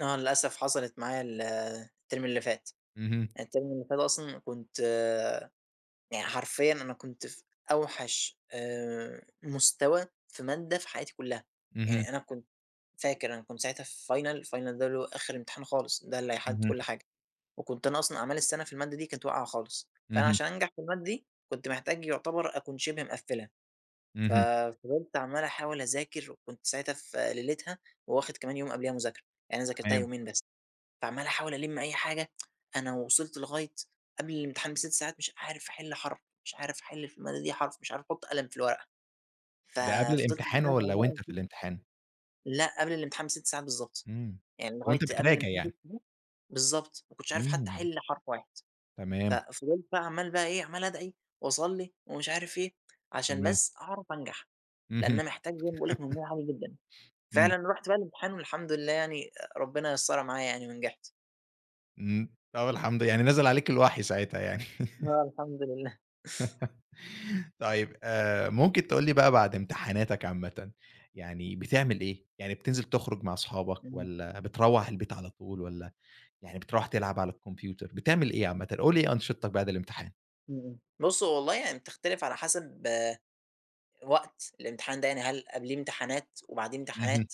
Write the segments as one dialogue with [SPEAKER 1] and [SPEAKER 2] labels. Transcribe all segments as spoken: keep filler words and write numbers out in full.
[SPEAKER 1] آه للأسف حصلت معايا ال التيرم اللي فات،
[SPEAKER 2] اهم.
[SPEAKER 1] التيرم اللي فات أصلًا كنت يعني حرفيًا أنا كنت في أوحش آآ، مستوى في مادة في حياتي كلها،
[SPEAKER 2] اهم.
[SPEAKER 1] يعني أنا كنت فاكر أنا كنت ساعتها في final، الfinal ده اللي هو آخر امتحان خالص ده اللي هيحدد
[SPEAKER 2] اهم.
[SPEAKER 1] كل حاجة، وكنت أنا أصلًا أعمال السَنة في المادة دي كنت واقعة خالص، فأنا
[SPEAKER 2] اهم.
[SPEAKER 1] عشان أنجح في المادة دي كنت محتاج يعتبر أكون شِبه مقفلها، ف
[SPEAKER 2] اهم.
[SPEAKER 1] فِضِلت عَمَّال أحاول أذاكر وكنت ساعتها في ليلتها وواخد كمان يوم قبليها مذاكرة، يعني أنا ذاكرتها
[SPEAKER 2] تمام.
[SPEAKER 1] يومين بس، فعَمَّال أحاول ألِم أي حاجة فأنا وِصِلت لغاية قبل الامتحان بست ساعات مش عارف أحل حرف، مش عارف أحل في المادة دي حرف مش عارف أحط قلم في الورقة، ف
[SPEAKER 2] ده قبل
[SPEAKER 1] فِضِلت إن
[SPEAKER 2] الامتحان
[SPEAKER 1] أدعي
[SPEAKER 2] والّا وأنت
[SPEAKER 1] بقى.
[SPEAKER 2] في
[SPEAKER 1] [unintelligible]
[SPEAKER 2] الامتحان؟
[SPEAKER 1] لأ قبل الامتحان بست ساعات بالضبط،
[SPEAKER 2] إمم.
[SPEAKER 1] يعني لغاية
[SPEAKER 2] وأنت
[SPEAKER 1] قبل،
[SPEAKER 2] بتراجع يعني.
[SPEAKER 1] [unintelligible] بالضبط، ما كنتش عارف حتى
[SPEAKER 2] إمم.
[SPEAKER 1] أحل حرف واحد، ف
[SPEAKER 2] تمام.
[SPEAKER 1] فِضِلت بقى عَمَّال بقى إيه عَمَّال أدعي واصلي ومش عارف إيه، عشان
[SPEAKER 2] تمام.
[SPEAKER 1] بس أعرف أنجح، لأن
[SPEAKER 2] اهم.
[SPEAKER 1] أنا محتاج زي باقول لك مجموع عالي جدًا،
[SPEAKER 2] إمم.
[SPEAKER 1] فعلًا رُحت بقى الامتحان والحمد لله يعني ربنا يسَّرها معايا يعني ونجحت.
[SPEAKER 2] إمم. طَب الحمد يعني نزِل عليك الوحي ساعتها يعني.
[SPEAKER 1] آه، الحمد لله.
[SPEAKER 2] طيب. آآ، ممكن تقول لي بقى بعد امتحاناتك عامةً، يعني بتعمل إيه، يعني بتنزل تخرج مع أصحابك
[SPEAKER 1] إمم.
[SPEAKER 2] والّا بتروّح البيت على طول، والّا يعني بترُوح تلعب على الكمبيوتر، بتعمل إيه عامةً، قل لي إيه أنشطتك بعد الامتحان؟
[SPEAKER 1] إمم. بُص هو والله يعني بتختلف على حسب وقت الإمتحان ده، يعني هل قبليه امتحانات وبعديه
[SPEAKER 2] اهم.
[SPEAKER 1] امتحانات،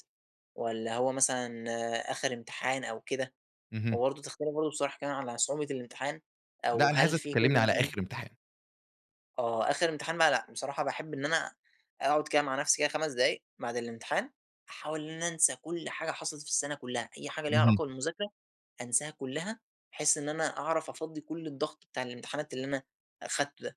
[SPEAKER 1] والّا هو مثلًا آخر امتحان أو كده،
[SPEAKER 2] اهم.
[SPEAKER 1] وبرضو تختلف برضو بصراحة كمان على صعوبة الامتحان أو
[SPEAKER 2] لأ أنا
[SPEAKER 1] هل
[SPEAKER 2] عايزك
[SPEAKER 1] فيه
[SPEAKER 2] تكلمني على
[SPEAKER 1] [unintelligible]
[SPEAKER 2] آخر امتحان.
[SPEAKER 1] آه. آخر امتحان بقى لأ، بصراحة باحب إن أنا أقعد كده مع نفْسي كده خمس دقايق بعد الامتحان أحاول إن أنا أنسى كل حاجة حصلت في السَنة كلها، أي حاجة ليها
[SPEAKER 2] اهم.
[SPEAKER 1] علاقة بالمذاكرة أنساها كلها، بحيث إن أنا أعرف أفضّي كل الضغط بتاع الامتحانات اللي أنا أخدته ده،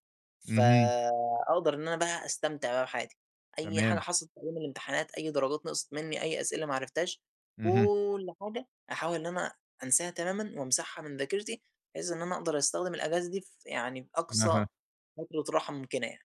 [SPEAKER 2] اهم.
[SPEAKER 1] فأقدَر إن أنا بقى أستمتع بقى بحياتي، أي حاجة
[SPEAKER 2] تمام.
[SPEAKER 1] حصلت في أيام الامتحانات أي درجات نقصِت مني أي أسئلة ما عرفتهاش،
[SPEAKER 2] اهم.
[SPEAKER 1] كل حاجة أحاول إن أنا أنساها تمامًا وامسحها من ذاكرتي، بحيث إن أنا أقدَر أستخدم الأجازة دي ف يعني بأقصى
[SPEAKER 2] أها.
[SPEAKER 1] فترة راحة ممكنة يعني.